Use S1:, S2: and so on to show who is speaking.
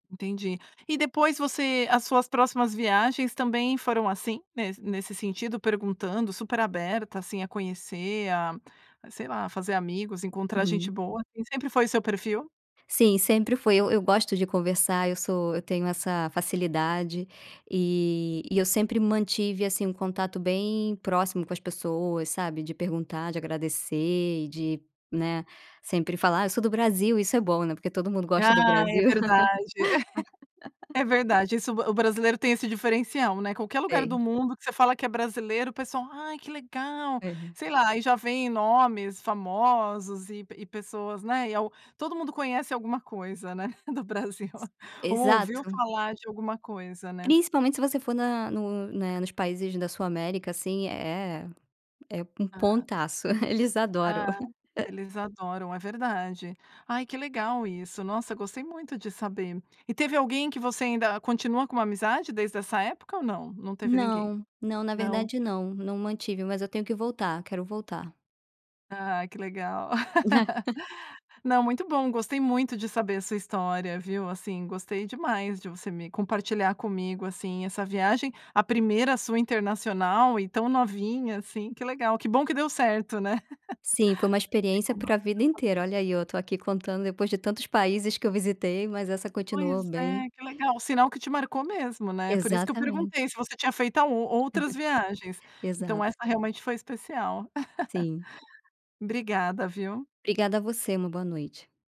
S1: Entendi. E depois você as suas próximas viagens também foram assim, nes nesse sentido, perguntando, super aberta, assim, a conhecer, a a, sei lá, fazer amigos, encontrar gente
S2: Uhum.
S1: boa, esse sempre foi o seu perfil?
S2: Sim, sempre foi. Eu eu gosto de conversar, eu sou eu tenho essa facilidade e e eu sempre mantive, assim, um contato bem próximo com as pessoas, sabe, de perguntar, de agradecer e de, né, sempre falar: "Ah, eu sou do Brasil." Isso é bom, né, porque todo mundo gosta do
S1: Ah, é
S2: Brasil.
S1: verdade. É verdade, isso o br o brasileiro tem esse diferencial, né, qualquer lugar do
S2: Tem.
S1: mundo que você fala que é brasileiro, o pessoal: "Ai, que legal."
S2: É.
S1: Sei lá, aí já vem nomes famosos e pe e pessoas, né, e al Todo mundo conhece alguma coisa, né, do Brasil. Ou ouviu
S2: Exato.
S1: falar de alguma coisa, né?
S2: Principalmente se você for na no né, nos países da Sul América, assim, é é é um
S1: Ah.
S2: pontaço. Eles adoram.
S1: Ah. Eles adoram, é verdade. Ai, que legal isso. Nossa! Gostei muito de saber. E teve alguém que você ainda continua com uma amizade desde essa época ou não? Não teve ninguém.
S2: Não, não. Na
S1: Não?
S2: verdade, não. Não mantive, mas eu tenho que voltar. Quero voltar.
S1: Ah, que legal. Não, muito bom, gostei muito de saber a sua história, viu, assim, gostei demais de você me compartilhar comigo, assim, essa viagem, a 1ª sua internacional e tão novinha assim. Que legal. Que bom que deu certo, né?
S2: Sim. Foi uma experiência pra vida inteira.
S1: [unintelligible]
S2: Olha aí, eu estou aqui contando depois de tantos países que eu visitei, mas essa
S1: Pois
S2: continuou bem
S1: é, que legal. Sinal que te marcou mesmo, né? Por isso que eu
S2: Exatamente.
S1: perguntei se você tinha feito ao outras viagens. Então,
S2: Exato.
S1: essa realmente foi especial.
S2: Sim.
S1: Obrigada, viu?
S2: Obrigada a você. Uma boa noite.